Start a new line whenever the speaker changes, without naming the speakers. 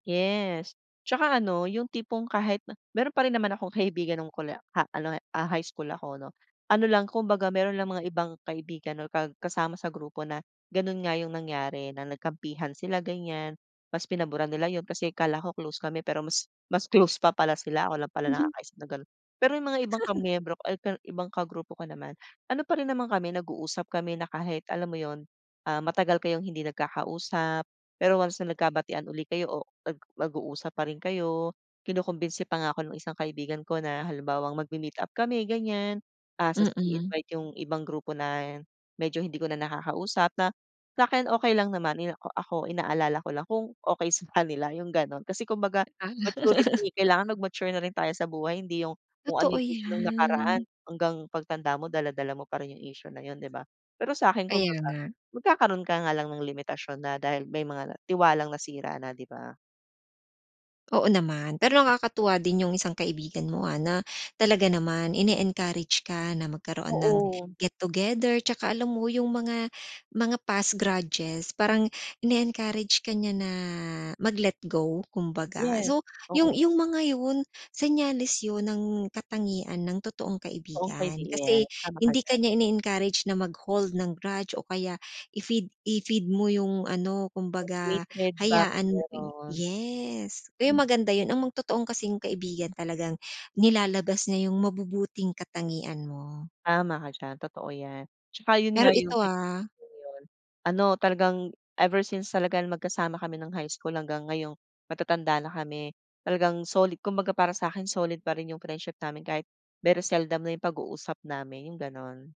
Yes. 'Tsaka ano, 'yong tipong kahit na meron pa rin naman akong kaibigan no'ng kole ah, ano, eh, ah, high school ako, 'no. Ano lang, kumbaga meron lang mga ibang kaibigan or ka kasama sa grupo na gano'n nga 'yong nangyari na nagkampihan sila, ganiyan, mas pinaburan nila 'yon kasi akala ko close kami pero mas mas close pa pala sila, ako lang pala
Mhm.
nakakaisip na gano'n. Pero, 'yong mga ibang kamiyembro ko al kal ibang kagrupo ko naman, ano pa rin naman kami nag-uusap kami na kahit, alam mo 'yon, ah, matagal kayong hindi nagkakausap, pero once na nagkabatian uli kayo o ag mag-uusap pa rin kayo. Kinukumbinsi pa nga ako no'ng isang kaibigan ko na, halimbawang, magme-meet up kami, ganiyan, ah, sas
Mm.
i-invite 'yong ibang grupo na medyo hindi ko na nakakausap na, sa'kin okay lang naman. Ni ako ako inaalala ko lang kung, okay sa kanila 'yong gano'n, kasi kumbaga
Ah.
maturity, kailangan mag-mature na rin tayo sa buhay. Hindi 'yong, kung ano
Totoo
'yong issue no'ng nakaraan,
'yan.
hanggang pagtanda mo dala-dala mo pa rin 'yong issue na 'yon, 'di ba? Pero sa'kin,
Kaya
kumbaga
nga.
magkakaroon ka nga lang ng limitasyon na dahil may mga tiwalang nasira na, 'di ba?
Oo naman. Pero, nakakatuwa din 'yong isang kaibigan mo, ah, na talaga naman ini-encourage ka na magkaroon ng
Oo.
get-together. 'Tsaka alam mo 'yong mga mga past grudges parang ini-encourage ka niya na mag-let go, kumbaga.
Yes,
So, 'yong
oo.
'yong mga 'yon, senyales 'yon ng katangian ng totoong
Okay
kaibigan
din, 'yan.
kasi
Tama ka
hindi ka
diyan.
niya ini-encourage na mag-hold ng grudge o kaya i-feed i-feed mo 'yong ano,
'Yong
kumbaga
hatred ba, kung
hayaan mo ping
meron.
yes. Kaya
Mm.
maganda 'yon, ang mag totoong kasing kaibigan talagang nilalabas niya 'yong mabubuting katangian mo.
Tama ka diyan, totoo 'yan. 'Tsaka 'yon
Pero
nga 'yong
ito,
may
ah.
'yon 'yon, ano talagang, ever since talaga na magkasama kami ng high school hanggang ngayong matatanda na kami. Talagang soli kumbaga para sa'kin solid pa rin 'yong friendship namin kahit very seldom na 'yong pag-uusap namin, 'yong gano'n.